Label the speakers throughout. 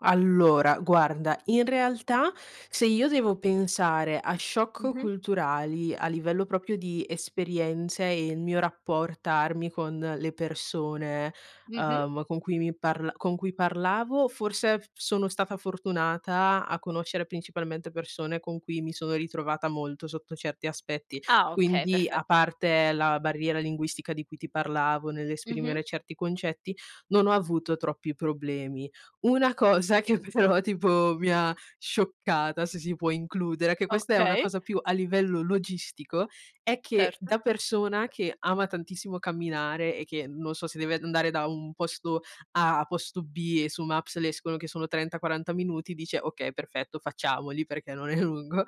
Speaker 1: Allora guarda, in realtà, se io devo pensare a shock
Speaker 2: Mh-mh.
Speaker 1: culturali a livello proprio di esperienze, e il mio rappor tarmi con le persone,
Speaker 2: Mh-mh.
Speaker 1: uhm, con cui mi parl con cui parlavo forse f sono stata fortunata a conoscere principalmente persone, con cui mi sono ritrovata molto sotto certi aspetti,
Speaker 2: Ah okay,
Speaker 1: quindi a
Speaker 2: perfetto.
Speaker 1: parte la barriera linguistica di cui ti parlavo,
Speaker 2: Mh-mh.
Speaker 1: nell'esprimere certi concetti, non ho avuto troppi problemi. Una cosa che però tipo mi ha scioccata, se si può includere, che questa è una
Speaker 2: Okay.
Speaker 1: cosa più a livello logistico, è che
Speaker 2: Certo.
Speaker 1: da persona che ama tantissimo camminare, e che non so, se deve andare da un posto A a posto B e su Maps le escono che sono 30, 40 minuti dice: "Okay, perfetto, facciamoli perché non è lungo".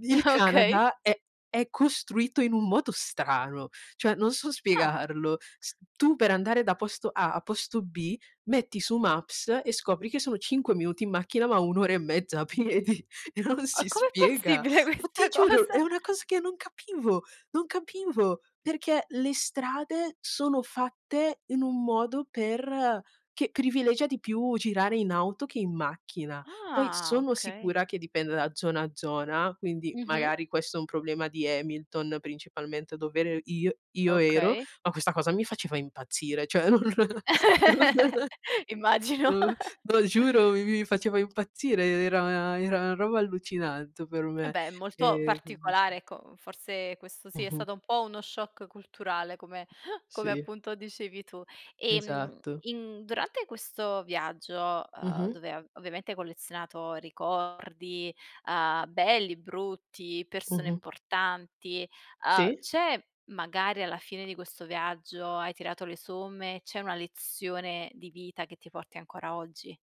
Speaker 1: Il
Speaker 2: Okay.
Speaker 1: Canada è è costruito in un modo strano, cioè non so
Speaker 2: Ah.
Speaker 1: spiegarlo, s tu per andare da posto A a posto B metti su Maps e scopri che sono 5 minuti in macchina, ma un'ora e mezza a piedi e non
Speaker 2: O
Speaker 1: si
Speaker 2: com'è
Speaker 1: spiega.
Speaker 2: possibile
Speaker 1: Ma ti
Speaker 2: questa
Speaker 1: giuro, è
Speaker 2: cosa?
Speaker 1: una cosa che non capivo, non capivo, perché le strade sono fatte in un modo per che privilegia di più girare in auto che in macchina. Poi
Speaker 2: Ah,
Speaker 1: sono
Speaker 2: okay.
Speaker 1: sicura che dipenda da zona a zona, quindi
Speaker 2: Mh-mh.
Speaker 1: magari questo è un problema di Hamilton, principalmente dov'ere io io ero,
Speaker 2: Okay.
Speaker 1: ma questa cosa mi faceva impazzire, cioè non non [unintelligible]
Speaker 2: Immagino.
Speaker 1: no,
Speaker 2: q
Speaker 1: giuro, mi faceva impazzire, e era era a roba allucinante per
Speaker 2: Eh
Speaker 1: me,
Speaker 2: beh, molto
Speaker 1: e quindi sì...
Speaker 2: particolare ecco, forse questo sì, è
Speaker 1: Mh-mh.
Speaker 2: stato un po' uno shock culturale come come
Speaker 1: Sì.
Speaker 2: appunto dicevi tu. Ehm,
Speaker 1: Esatto.
Speaker 2: in durante questo viaggio, uhm,
Speaker 1: Mh-mh.
Speaker 2: dove av ovviamente hai collezionato ricordi, uhm, belli, brutti, persone
Speaker 1: Mh-mh.
Speaker 2: importanti, uhm,
Speaker 1: Sì.
Speaker 2: c'è magari alla fine di questo viaggio, hai tirato le somme, c'è una lezione di vita che ti porti ancora oggi?